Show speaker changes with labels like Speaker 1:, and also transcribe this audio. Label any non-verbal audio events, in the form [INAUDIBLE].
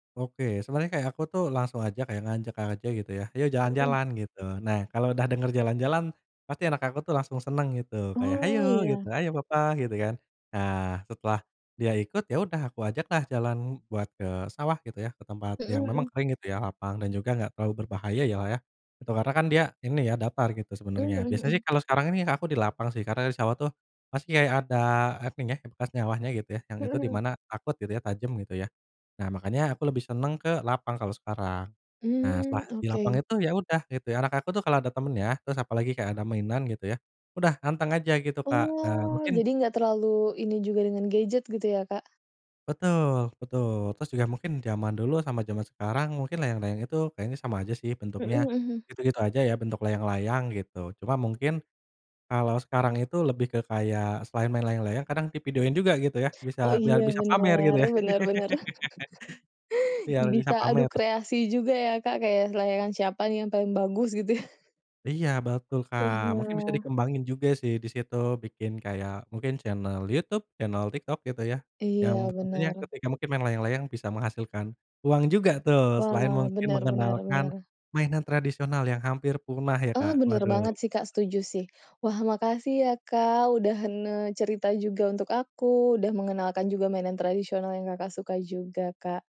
Speaker 1: Oke, sebena rnya kayak aku tuh langsung aja kayak ngajak aja gitu ya "Ayo
Speaker 2: Mhm.
Speaker 1: jalan-jalan," gitu. Nah, kalau udah denger jalan-jalan pasti anak aku tuh langsung seneng gitu kayak,
Speaker 2: Oh,
Speaker 1: "Hayo gitu,
Speaker 2: ya.
Speaker 1: hayo papa," gitu, kan. Nah, setelah dia ikut, ya udah aku ajak lah jalan buat ke sawah gitu ya, ke tempat
Speaker 2: Mhm
Speaker 1: yang memang
Speaker 2: mhm.
Speaker 1: kering gitu ya, lapang dan juga enggak terlalu berbahaya ya lah ya. Itu karena kan dia ini ya, datar gitu
Speaker 2: Mmm,
Speaker 1: sebenarnya.
Speaker 2: mhm
Speaker 1: Biasanya
Speaker 2: mhm.
Speaker 1: sih kalau sekarang ini aku di lapang sih, karena di sawah tuh masih kayak ada apa nyah bekas nyawahnya gitu ya, yang
Speaker 2: Mhm
Speaker 1: itu di
Speaker 2: mhm.
Speaker 1: mana takut gitu ya, tajam gitu ya. Nah, makanya aku lebih seneng ke lapang kalau sekarang. Nah,
Speaker 2: Mmm,
Speaker 1: setelah di lapang
Speaker 2: oke.
Speaker 1: itu ya udah gitu ya, anak aku tuh kalau ada temennya, terus apalagi kayak ada mainan gitu ya, udah anteng aja gitu, Kak. Nah,
Speaker 2: Oh,
Speaker 1: mungkin
Speaker 2: jadi nggak terlalu ini juga dengan gadget gitu ya, Kak?
Speaker 1: Betul betul. Terus juga mungkin zaman dulu sama zaman sekarang mungkin layang-layang itu kayaknya sama aja sih
Speaker 2: Mhm
Speaker 1: bentuknya.
Speaker 2: mhm mhm.
Speaker 1: Gitu-gitu aja ya bentuk layang-layang gitu. Cuma mungkin, kalau sekarang itu lebih ke kayak selain main layang-layang kadang di videoin juga gitu ya, bisa
Speaker 2: Oh
Speaker 1: biar
Speaker 2: iya
Speaker 1: bisa pamer gitu
Speaker 2: benar
Speaker 1: ya.
Speaker 2: benar benar.
Speaker 1: [LAUGHS] Biar
Speaker 2: [LAUGHS]
Speaker 1: bisa
Speaker 2: Bisa adu
Speaker 1: pamer.
Speaker 2: kreasi juga ya, Kak, kayak se layangan kan siapa nih yang paling bagus gitu ya? [LAUGHS]
Speaker 1: Iya betul, Kak, mungkin bisa
Speaker 2: Iya.
Speaker 1: dikembangin juga sih disitu bikin kayak mungkin channel YouTube, channel TikTok gitu ya. Yang
Speaker 2: Iya,
Speaker 1: tentunya
Speaker 2: benar.
Speaker 1: ketika mungkin main layang-layang bisa menghasilkan uang juga tuh, selain
Speaker 2: Wah,
Speaker 1: mungkin
Speaker 2: benar benar
Speaker 1: mengenalkan
Speaker 2: benar.
Speaker 1: mainan tradisional yang hampir punah ya, Kak,
Speaker 2: Oh, bener
Speaker 1: waduh.
Speaker 2: banget sih, Kak, setuju sih. Wah, makasih ya, Kak, udah hen eee, cerita juga untuk aku udah mengenalkan juga mainan tradisional yang, Kakak, sukai juga, Kak.